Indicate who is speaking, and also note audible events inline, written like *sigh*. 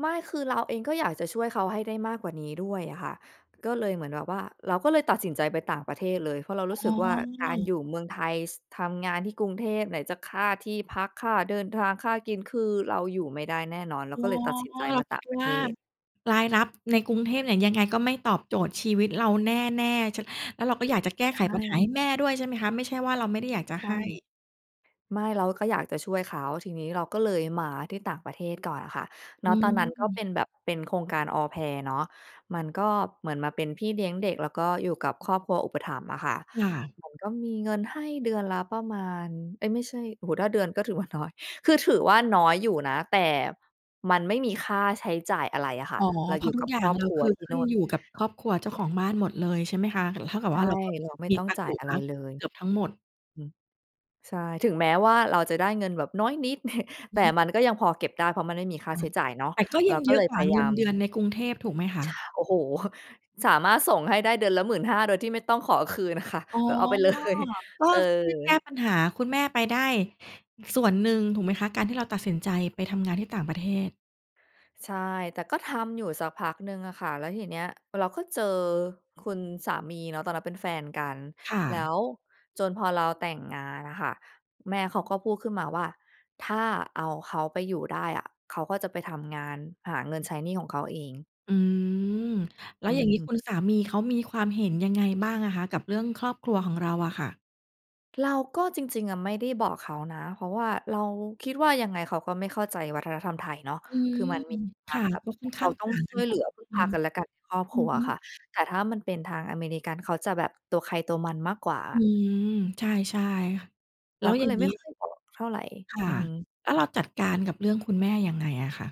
Speaker 1: ไม่ คือเราเองก็อยากจะช่วยเขาให้ได้มากกว่านี้ด้วยอะค่ะ ก็เลยเหมือนแบบว่า เราก็เลยตัดสินใจไปต่างประเทศเลย เพราะเรา
Speaker 2: อ
Speaker 1: รู
Speaker 2: ๋
Speaker 1: ้สึ
Speaker 2: อ
Speaker 1: กว่า การอยู่เมืองไทย ส ทำงานที่กรุงเทพ ไหนจะค่าที่พัก ค่าเดินทาง ค่ากิน คือเราอยู่ไม่ได้แน่นอน เร
Speaker 2: อ
Speaker 1: า
Speaker 2: ๋อ
Speaker 1: ก็เลยตัดสินใจ
Speaker 2: เรา
Speaker 1: มา
Speaker 2: ค
Speaker 1: ต่
Speaker 2: ิ
Speaker 1: า
Speaker 2: ด
Speaker 1: งประ
Speaker 2: ว
Speaker 1: เ
Speaker 2: ่
Speaker 1: ท
Speaker 2: า
Speaker 1: ศ
Speaker 2: รายรับใน กรุงเทพเนี่ยยังไงก็ไม่ตอบโจทย์ชีวิตเราแน่ ๆ ฉัน แล้วเราก็อยากจะแก้
Speaker 1: ใช
Speaker 2: ไขปัญหาให
Speaker 1: ่
Speaker 2: ้แม่ด้วยใช่ไหมคะ ไม่ใช่ว่า เราไม่ได้อยากจะ
Speaker 1: ใช่
Speaker 2: ให้
Speaker 1: ไม่ เราก็อยากจะช่วยเขา ทีนี้เราก็เลยมาที่ต่างประเทศก่อนอะค่ะ ณ
Speaker 2: อื
Speaker 1: ตอนนั้นก็
Speaker 2: ม
Speaker 1: เป็นแบบเป็นโครงการ Au Pair เนาะ มันก็เหมือนมาเป็นพี่เลี้ยงเด็ก แล้วก็อยู่กับครอบครัวอุปถัมภ์อะค่ะ
Speaker 2: ค่ะ
Speaker 1: เหมือนก็มีเงินให้เดือนละประมาณ เอ๊ย ไม่ใช่ โอ้โฮ ถ้าเดือนก็ถือว่า น้อย คือถือว่า น้อยอยู่นะ แต่มันไม่มีค่าใช้จ่ายอะไรอะค่
Speaker 2: อ
Speaker 1: ะ
Speaker 2: ๋อ
Speaker 1: เรา
Speaker 2: เพร
Speaker 1: อย
Speaker 2: า
Speaker 1: ู่
Speaker 2: ะทุ
Speaker 1: ก
Speaker 2: ก
Speaker 1: ับ
Speaker 2: อย่า
Speaker 1: คร
Speaker 2: ง
Speaker 1: อบ
Speaker 2: เรา
Speaker 1: ครัว
Speaker 2: คือ
Speaker 1: ที
Speaker 2: ข
Speaker 1: ่
Speaker 2: ึ
Speaker 1: น
Speaker 2: ้
Speaker 1: ู
Speaker 2: น
Speaker 1: ่น
Speaker 2: อยู่กับครอบครัวเจ้าของบ้านหมดเลยใช่ไหมคะ ล เท่ากับ
Speaker 1: ใช
Speaker 2: ว
Speaker 1: ่
Speaker 2: ่า เราก็
Speaker 1: เราไม่
Speaker 2: มี
Speaker 1: ต้อง
Speaker 2: ตัง
Speaker 1: จ
Speaker 2: ค
Speaker 1: ่
Speaker 2: ์
Speaker 1: า
Speaker 2: เหล
Speaker 1: ย
Speaker 2: ื
Speaker 1: อะ
Speaker 2: อ
Speaker 1: ไรเลย
Speaker 2: เกือบทั้งหมด
Speaker 1: อือ ใช่ ถึงแม้ว่าเราจะได้เงินแบบน้อยนิด *chuckles*
Speaker 2: อ
Speaker 1: แต
Speaker 2: ื
Speaker 1: ่
Speaker 2: อฮึ
Speaker 1: มันก็ยังพอเก็บได้ เพราะมันไม่มี
Speaker 2: ค
Speaker 1: ค
Speaker 2: ่
Speaker 1: ่า
Speaker 2: ะ
Speaker 1: ใช้จ่ายเนาะ
Speaker 2: แต่ก็
Speaker 1: เร
Speaker 2: ย
Speaker 1: า
Speaker 2: ัง
Speaker 1: ก็
Speaker 2: เยอ
Speaker 1: เล
Speaker 2: ะ
Speaker 1: ย
Speaker 2: กว
Speaker 1: พ
Speaker 2: ่า
Speaker 1: ยา
Speaker 2: เ
Speaker 1: ย
Speaker 2: ง
Speaker 1: า
Speaker 2: ิน
Speaker 1: ม
Speaker 2: เดือนในกรุงเทพ ถูกไหมคะ?
Speaker 1: ช โอ้โฮ! *chuckles* สามารถส่งให้ได้เดือนละ 15,000 โดยที่ไม่ต้องขอคืนอะค่ะ
Speaker 2: อ๋อ
Speaker 1: เอ่อ เอาไป เลย
Speaker 2: ก็
Speaker 1: เอ
Speaker 2: ช่วยแก
Speaker 1: อ
Speaker 2: ้ปัญหาคุณแม่ไปได้ส่วนหนึ่ง ถูกไหมคะ? การที่เราตัด สินใจไปทำงานที่ต่างประเทศ
Speaker 1: ใช่ แต่ก็ทำอยู่สักพักหนึ่งอะค่ะ แล้วทีเนี้ยเราก็เจอคุณสามีเนาะ ตอนนั้นเป็นแฟนกัน
Speaker 2: ค่
Speaker 1: แล้
Speaker 2: ะ
Speaker 1: วจนพอเราแต่งงานอะค่ะ แม่เขาก็พูดขึ้นมาว่า "ถ้าเอาเขาไปอยู่ได้อะ เขาก็จะไปทำงานหาเงินใช้หนี้ของเขาเอง"
Speaker 2: อืม แล้
Speaker 1: อ
Speaker 2: ว
Speaker 1: ื
Speaker 2: อย่างงี้
Speaker 1: ม
Speaker 2: คุณสามีเขามีความเห็นยังไงบ้างอะคะ? กับเรื่องครอบครัวของเราอะค่ะ
Speaker 1: เราก็ จริง ๆ อะไม่ได้บอกเขานะ เพราะว่าเราคิดว่า ยังไงเขาก็ไม่เข้าใจวัฒนธรรมไทยเนาะ
Speaker 2: อื
Speaker 1: คื
Speaker 2: ม
Speaker 1: อมันมีค
Speaker 2: ค
Speaker 1: วาม
Speaker 2: ่ะ
Speaker 1: แบบ
Speaker 2: ก็
Speaker 1: เห
Speaker 2: ค
Speaker 1: ม
Speaker 2: ่อ
Speaker 1: ือ
Speaker 2: น
Speaker 1: นกับ
Speaker 2: ข
Speaker 1: เร
Speaker 2: ้
Speaker 1: า
Speaker 2: าง
Speaker 1: ต้อ
Speaker 2: ต
Speaker 1: ง
Speaker 2: ่าง
Speaker 1: ช
Speaker 2: ก
Speaker 1: ่
Speaker 2: ัน
Speaker 1: วยเ
Speaker 2: พ
Speaker 1: หล
Speaker 2: อ
Speaker 1: ือ
Speaker 2: สม
Speaker 1: พึ่ง
Speaker 2: ค
Speaker 1: พ
Speaker 2: ว
Speaker 1: า
Speaker 2: ร
Speaker 1: กันและกันในครอบ
Speaker 2: อ
Speaker 1: ค
Speaker 2: ื
Speaker 1: รั
Speaker 2: อ
Speaker 1: ว
Speaker 2: ฮ
Speaker 1: อ
Speaker 2: ึ
Speaker 1: ะค่ะ แต่ถ้ามันเป็นทางอเมริกัน เขาจะแบบตัวใครตัวมันมากกว่าอ
Speaker 2: อื
Speaker 1: ะ
Speaker 2: ม ใช่ ใช่ค่ะ แ
Speaker 1: เ
Speaker 2: ล
Speaker 1: ร
Speaker 2: ้
Speaker 1: า
Speaker 2: ว
Speaker 1: ก็
Speaker 2: อย่
Speaker 1: เล
Speaker 2: าง
Speaker 1: ยไ
Speaker 2: ง
Speaker 1: ม
Speaker 2: ี
Speaker 1: ่
Speaker 2: ้
Speaker 1: ค่อยบอกเท่าไร
Speaker 2: ค
Speaker 1: อ
Speaker 2: ่
Speaker 1: ื
Speaker 2: ะ
Speaker 1: อฮึ
Speaker 2: แล้วเราจัดการกับเรื่องคุณแม่ยังไงอะคะ?